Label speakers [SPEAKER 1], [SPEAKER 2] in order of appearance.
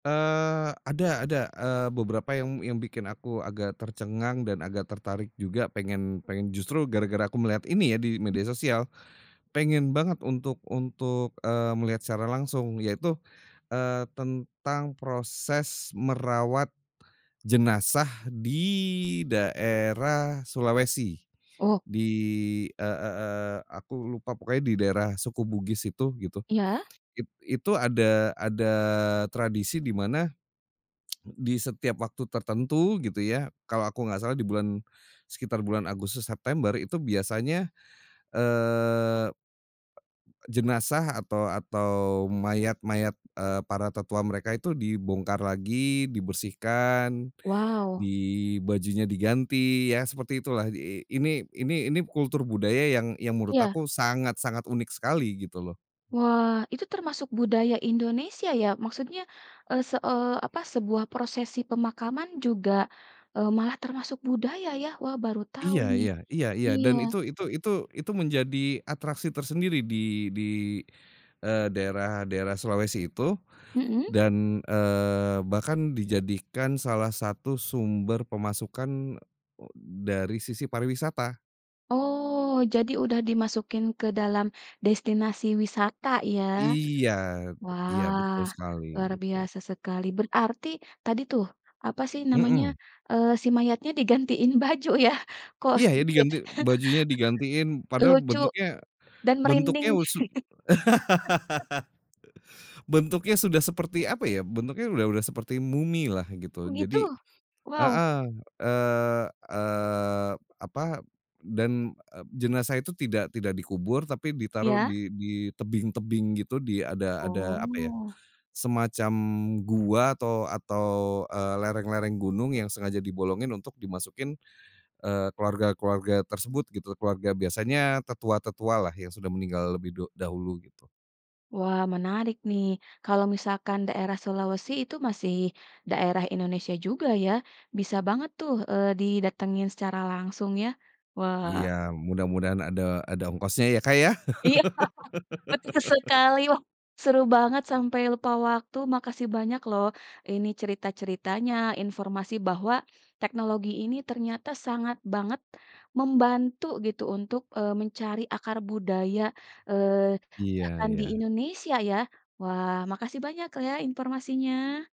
[SPEAKER 1] Eee, ada ada. Eee, beberapa yang yang bikin aku agak tercengang dan agak tertarik juga pengen pengen justru gara-gara aku melihat ini ya di media sosial, pengen banget untuk untuk, eee, melihat secara langsung yaitu, eee, tentang proses merawat jenazah di daerah Sulawesi.
[SPEAKER 2] Oh.
[SPEAKER 1] Di e e eee, aku lupa pokoknya di daerah suku Bugis itu, gitu.
[SPEAKER 2] Iya.
[SPEAKER 1] It itu ada ada tradisi di mana di setiap waktu tertentu gitu ya, kalau aku nggak salah di bulan, sekitar bulan Agustus, September itu biasanya, eee, jenazah atau atau mayat-mayat, eee, para tetua mereka itu dibongkar lagi, dibersihkan,
[SPEAKER 2] Wow.
[SPEAKER 1] di bajunya diganti, ya seperti itulah. I ini ini ini kultur budaya yang yang menurut
[SPEAKER 2] Iya.
[SPEAKER 1] aku sangat-sangat unik sekali gitu loh.
[SPEAKER 2] Wah. Itu termasuk budaya Indonesia ya? Maksudnya, eee, se eee, apa, sebuah prosesi pemakaman juga, eee, malah termasuk budaya ya? Wah, baru tahu
[SPEAKER 1] Iya
[SPEAKER 2] nih.
[SPEAKER 1] iya iya iya.
[SPEAKER 2] Iya.
[SPEAKER 1] Dan itu itu itu itu menjadi atraksi tersendiri di di eee, daerah daerah Sulawesi itu
[SPEAKER 2] Hmm.
[SPEAKER 1] dan, eee, bahkan dijadikan salah satu sumber pemasukan, eee, dari sisi pariwisata.
[SPEAKER 2] Oh, jadi udah dimasukin ke dalam destinasi wisata ya?
[SPEAKER 1] Iya iya, betul
[SPEAKER 2] Wah,
[SPEAKER 1] sekali
[SPEAKER 2] luar
[SPEAKER 1] gitu.
[SPEAKER 2] biasa sekali. Berarti tadi tuh, apa sih namanya?
[SPEAKER 1] Mmm.
[SPEAKER 2] Eee, si mayatnya digantiin baju ya? Kok
[SPEAKER 1] Iya ya
[SPEAKER 2] sempet.
[SPEAKER 1] diganti, bajunya digantiin padahal
[SPEAKER 2] Lucu
[SPEAKER 1] bentuknya
[SPEAKER 2] dan merinding
[SPEAKER 1] bentuknya
[SPEAKER 2] sih.
[SPEAKER 1] su bentuknya sudah seperti apa ya? Bentuknya udah udah seperti mumilah gitu.
[SPEAKER 2] Begitu?
[SPEAKER 1] Jadi
[SPEAKER 2] Wow.
[SPEAKER 1] heeh, eee eee, apa dan jenazah itu tidak tidak dikubur tapi ditaruh
[SPEAKER 2] Iya.
[SPEAKER 1] di di tebing-tebing gitu di ada ada apa ya,
[SPEAKER 2] Oh.
[SPEAKER 1] semacam gua atau atau, eee, lereng-lereng gunung yang sengaja dibolongin untuk dimasukin, eee, keluarga-keluarga tersebut gitu. Keluarga biasanya tetua-tetualah yang sudah meninggal lebih du dahulu gitu.
[SPEAKER 2] Wah, menarik nih. Kalau misalkan daerah Sulawesi itu masih daerah Indonesia juga ya? Bisa banget tuh, eee, didatengin secara langsung ya. Wah.
[SPEAKER 1] Iya. Mudah-mudahan ada ada ongkosnya ya, Kak, ya.
[SPEAKER 2] Iya. Betul sekali loh. Seru banget sampai lupa waktu. Makasih banyak loh ini cerita-ceritanya, informasi bahwa teknologi ini ternyata sangat banget membantu gitu untuk, eee, mencari akar budaya, eee,
[SPEAKER 1] Iya
[SPEAKER 2] bahkan di
[SPEAKER 1] iya.
[SPEAKER 2] Indonesia ya. Wah, makasih banyak ya informasinya.